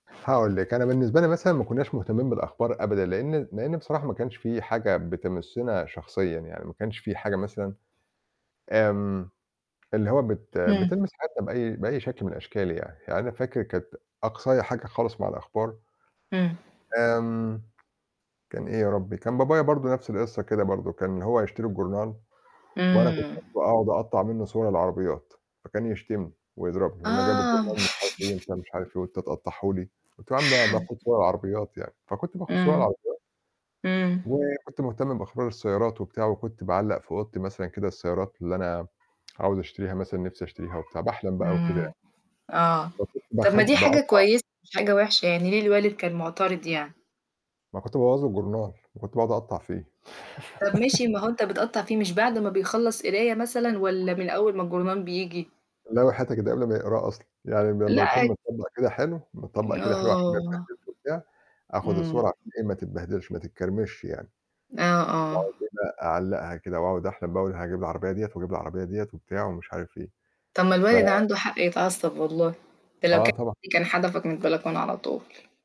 هاقول لِك. أنا بالنسبة لي مثلًا ما كُناش مهتمين بالأخبار أبدًا، لأن لأن بصراحة ما كانش في حاجة بتمسنا شخصيًا يعني، ما كانش في حاجة مثلًا، آمم اللي هو بت إمم. بتلمس حياتنا بأي بأي شكل من الأشكال يعني. يعني أنا فاكر كانت أقصايا حاجة خالص مع الأخبار إمم. آمم كان إيه يا ربي؟ كان بابايا برضه نفس القصة كده برضه، كان هو يشتري الجورنال وأنا كنت إمم. اخده أقعد أقطّع منه صور العربيات، فكان يشتمني ويضربني يقول لي: "أنا جايب آه. الجورنال،" مش عارف إيه، وأنت مش عارف إيه، "وأنت تقطعّه لي!" قُلت له: "يا عم ب باخد صور العربيات." يعني، فكنت باخد صور إمم. العربيات إمم. وكنت مهتم بإخبار السيارات وبتاع وكنت باعلّق في أوضتي مثلًا كده السيارات اللي أنا عاوز أشتريها مثلًا، نفِسي أشتريها وبتاع، باحلم بقى وكده يعني. إمم.آه، ب طب باخ ما دي حاجة باقطّع كويسة، مش حاجة وحشة، يعني ليه الوالد كان معترض يعني؟ ما كنت بابوّظ له الجورنال، وكنت باقعد أقطّع فيه. طب ماشي، ما هو أنت بتقطّع فيه، مش بعد ما بيخلّص قراية مثلًا؟ والَّا من أول ما الجرنال بييجي؟ لأ وحياتِك ده قبل ما يقراه أصلًا، يعني لما لأ بيكون عادي. متطبّق كده حلو، متطبّق كده حلو، عشان ما آه. يتبهدلش وبتاع، آخُد إمم. الصورة عشان إيه، ما تتبهدلش، ما تتكرمش يعني. آه، آه. وبعدين أعلّقها كده وأقعد أحلم بقى، أقول هاجيب العربية ديّة وأجيب العربية ديّة وبتاع ومش عارف إيه. طب ما ف الوالد عنده حق يتعصب والله، ده لو آه كان طبعًا. [unintelligible] كان حدفك من البلكونة على طول.